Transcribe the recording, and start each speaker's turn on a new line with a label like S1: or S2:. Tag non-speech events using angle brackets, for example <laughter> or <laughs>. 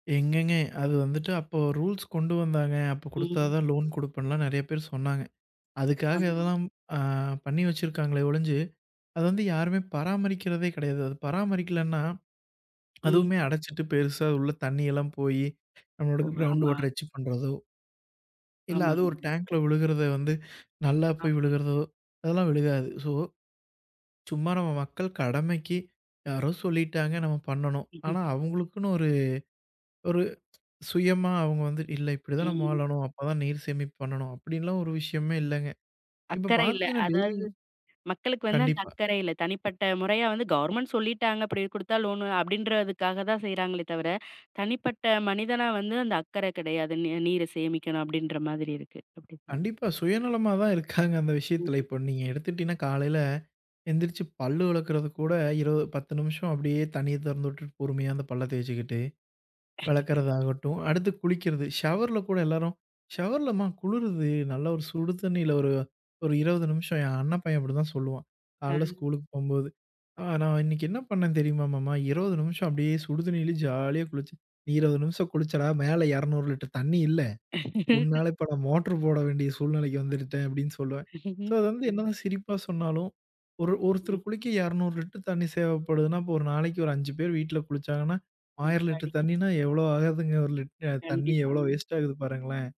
S1: எங்கங்க? அது வந்துட்டு அப்போ ரூல்ஸ் கொண்டு வந்தாங்க. அப்பக் குடுத்தா
S2: ம்.
S1: தான் லோன் குடுப்பன்லாம் நெறையா பேர் சொன்னாங்க.
S2: ஆமா.
S1: அதுக்காகல்லாம் அ பண்ணி வச்சிருக்காங்களே ஒழிஞ்சு, அத வந்து யாருமே பராமரிக்கிறதே கிடையாது. பராமரிக்கலன்னா,
S2: ம்.
S1: அதுமே அடச்சுட்டு பெருசா உள்ள தண்ணில்லாம் போயி, நம்மளோட
S2: ஓ,
S1: க்ரௌண்ட்
S2: ஆமா.
S1: வாட்டர வச்சு பண்றதோ இல்ல, அது ஒரு
S2: ஆமாங்க.
S1: டேங்க்ல ஒழுகுறத வந்து, நல்லா போய்
S2: ஆமா.
S1: விழுகறதோ, அதெல்லாம் விழுகாது. ஸோ, சும்மா நம்ம மக்கள் கடமைக்கி, யாரோ சொல்லிட்டாங்க, நம்ம பண்ணனும்.
S2: <chuckles>
S1: ஆனா அவங்களுக்குன்னு ஒரு ஒரு சுயமா அவங்க வந்து, "இல்ல இப்டி தான் நாம
S2: ம்.
S1: வாழணும். அப்பதான் நீர் சேமிப்பு பண்ணனும்." அப்படின்லாம் ஒரு விஷயமே இல்லங்க. இப்ப
S2: அக்கறை இல்ல.
S1: பாத்தீங்கன்னா, டெய்லியு
S2: அதாது, மக்களுக்கு வந்து அந்த
S1: கண்டிப்பா.
S2: அக்கறை இல்ல. தனிப்பட்ட முறையா வந்து கவர்ன்மெண்ட் சொல்லிட்டாங்க, அப்படி கொடுத்தா "லோன்" அப்படின்றதுக்காகதா செய்றாங்களே தவிர, தனிப்பட்ட மனிதனா வந்து, அந்த அக்கற கெடையாது. நீ நீர சேமிக்கணும் அப்படின்ற மாதிரி இருக்கு. அப்டி தானே?
S1: கண்டிப்பா. சுயநலமா தான் இருக்காங்க அந்த விஷயத்துல.
S2: ம்.
S1: இப்ப நீங்க எடுத்துட்டீனா, காலைல, எந்திரிச்சு பல்லு விளக்குறது கூட இருவ 10 நிமிஷம் அப்டியே தண்ணிய தொறந்துட்டுட்டு பொறுமையா அந்தப் பல்ல தேச்சுக்கிட்டே,
S2: <chuckles>
S1: வெளக்கறதாகட்டும். அடுத்து குளிக்கறது, ஷவர்ல கூட எல்லாரும் ஷவர்ல மா குளுருது நல்ல ஒரு சுடு தண்ணில ஒரு ஒரு 20 நிமிஷம். ஏன் அண்ண பையன் அப்டிதான் சொல்லுவான். காலைல
S2: அ.
S1: ஸ்கூலுக்கு போம்போது. "நான் இன்னிக்கு என்ன பண்ணன் தெரிமா மாமா? 20 நிமிஷம் அப்டியே சுடு தண்ணிலயே ஜாலியா குளிச்சேன்." "நீ 20 நிமிஷம் குளிச்சடா, மேல 200 லிட்டர் தண்ணி இல்ல,
S2: <laughs>
S1: உன்னால இப்ப நான் மோட்டர் போட வேண்டிய சூழ்நிலைக்கு இருந்துட்டேன்" அப்டின்னு சொல்லுவேன். ஸோ
S2: <chuckles>
S1: அது வந்து
S2: ம்.
S1: என்னதான் சிரிப்பா சொன்னாலும், ஒரு
S2: ம்.
S1: ஒருத்தர் குளிக்க 200 லிட்டர் தண்ணி தேவப்படுதுனா, அப்ப ஒரு நாளைக்கு ஒரு 5 பேர் வீட்டுல குளிச்சாங்கன்னா, 1000 லிட்டர்
S2: எப்படிங்க?
S1: தண்ணின்னா எவ்ளோ ஆகுதுங்க. ஒரு லிட் அ தண்ணி எவ்ளோ
S2: கண்டிப்பாங்க.
S1: வேஸ்ட் ஆகுது பாருங்களேன்!